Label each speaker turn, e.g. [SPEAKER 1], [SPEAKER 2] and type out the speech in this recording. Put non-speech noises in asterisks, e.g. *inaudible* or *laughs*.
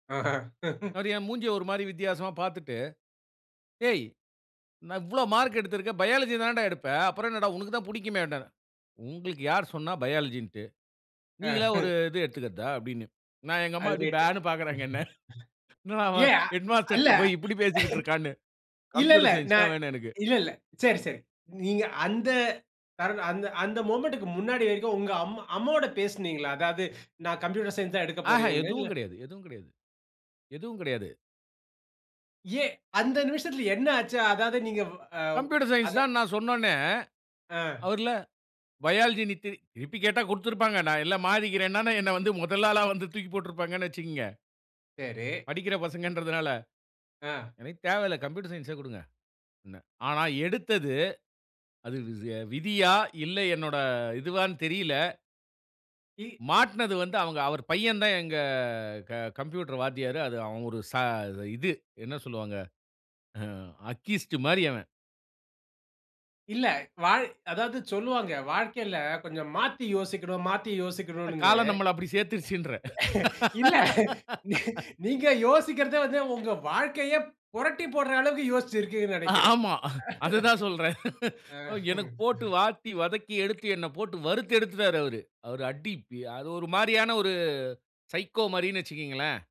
[SPEAKER 1] ஆஹாங். *chuckles*
[SPEAKER 2] அவரு என் மூஞ்சிய, ஒரு மாதிரி வித்தியாசமா பார்த்துட்டு. ஏய். நா, இவ்ளோ மார்க் எடுத்திருக்க. பயாலஜி தான்டா எடுப்ப. அப்புறம் என்னடா, உனக்கு தான் புடிக்குமேன்னாறு. உங்களுக்கு யார் சொன்னா பயாலஜின்டு.
[SPEAKER 1] ஆ.
[SPEAKER 2] நீங்களா ஒரு,
[SPEAKER 1] *chuckles*
[SPEAKER 2] இது எடுத்துக்றதா? அப்படின்னு. நா, எங்க அம்மா
[SPEAKER 1] அது
[SPEAKER 2] அப்படி
[SPEAKER 1] ரேட்டு.
[SPEAKER 2] பேன்னு. பாக்குறாங்க என்ன. என்னடா அவன்,
[SPEAKER 1] அ, இல்ல.
[SPEAKER 2] ஹெட்மாஸ்டர்ட்ட போயி இப்படி பேசிக்கிட்டு இருக்கான்னு.
[SPEAKER 1] இல்ல இல்ல.
[SPEAKER 2] கம்ப்யூட்டர்
[SPEAKER 1] நா.
[SPEAKER 2] சயன்ஸ் தான் வேணு எனக்கு.
[SPEAKER 1] இல்ல இல்ல. சரி, சரி. நீங்க அந்த, காரணம், அந்த, அந்த மொமெண்ட்க்கு முன்னாடி வரைக்கும், உங்கள் அம்மா, அம்மாவொட பேசினீங்களா? அதாது, நா கம்ப்யூட்டர் சயன்ஸ் தான் எடுக்கப்
[SPEAKER 2] ஆஹா,
[SPEAKER 1] போகிறேன்னு. இல்ல
[SPEAKER 2] எதுவும் கெடையாது. எதுவும் கெடையாது. எதுவும் கெடையாது.
[SPEAKER 1] ஏன். அந்த நிமிசத்துல என்ன ஆச்சு? அதாவது நீங்க, அ
[SPEAKER 2] கம்ப்யூட்டர்
[SPEAKER 1] அத.
[SPEAKER 2] சயன்ஸ் தான் நான் சொன்னோன்னே.
[SPEAKER 1] ஆ.
[SPEAKER 2] அவர்ல, பயாலஜி நீ திருப்பி. திருப்பி கேட்டா கொடுத்திருப்பாங்க. நா இல்ல மாறிக்கிறேன்னாலும், என்ன வந்து முதல் ஆளா வந்து, தூக்கி போட்ருப்பாங்கன்னு, வச்சுக்குங்க.
[SPEAKER 1] சரி.
[SPEAKER 2] படிக்கிற பசங்கன்றதுனால.
[SPEAKER 1] ஆ.
[SPEAKER 2] எனக்கு தேவையில்ல, கம்ப்யூட்டர் சயன்ஸ்ஏ குடுங்க. அப்டின்னே. ஆனா, எடுத்தது. அது விதியா? இல்ல என்னோட, இதுவான்னு தெரியல.
[SPEAKER 1] இ.
[SPEAKER 2] மாட்னது வந்து அவுங்க, அவரு பையந்தான் எங்க. க-ந்கம்ப்யூட்டர் வாத்தியாரு. அது, அவ ஒரு ச இது. என்ன சொல்லுவாங்க? அக்கீஸ்ட்டு மாரி அவன்.
[SPEAKER 1] இல்ல. வாழ்க் அதாவது சொல்லுவாங்க. வாழ்க்கையில, கொஞ்சம் மாத்தி யோசிக்கணும், மாத்தி யோசிக்கணுங்ன்னு.
[SPEAKER 2] காலம் நம்மள, அப்டி சேத்துருச்சுன்றேன்.
[SPEAKER 1] *chuckles* இல்ல.
[SPEAKER 2] *laughs*
[SPEAKER 1] நீங்க யோசிக்கிறதே வந்து, உங்க வாழ்க்கையே, பொரட்டிப்போட்டுற அளவுக்கு, யோச்சு இருக்கீங்கன்னு நெனைக்கிறேன்.
[SPEAKER 2] ஆமா. *chuckles* அததான் சொல்றேன்.
[SPEAKER 1] *laughs*
[SPEAKER 2] எனக்கு
[SPEAKER 1] ஆ.
[SPEAKER 2] போட்டு,
[SPEAKER 1] *chuckles*
[SPEAKER 2] வாட்டி வதக்கி எடுத்து, என்ன போட்டு வறுத்து எடுத்துட்டாரு அவரு. அவர் அடி. அது ஒரு மாரியான ஒரு சைக்கோ மாரின்னு வைச்சிக்கீங்களேன்.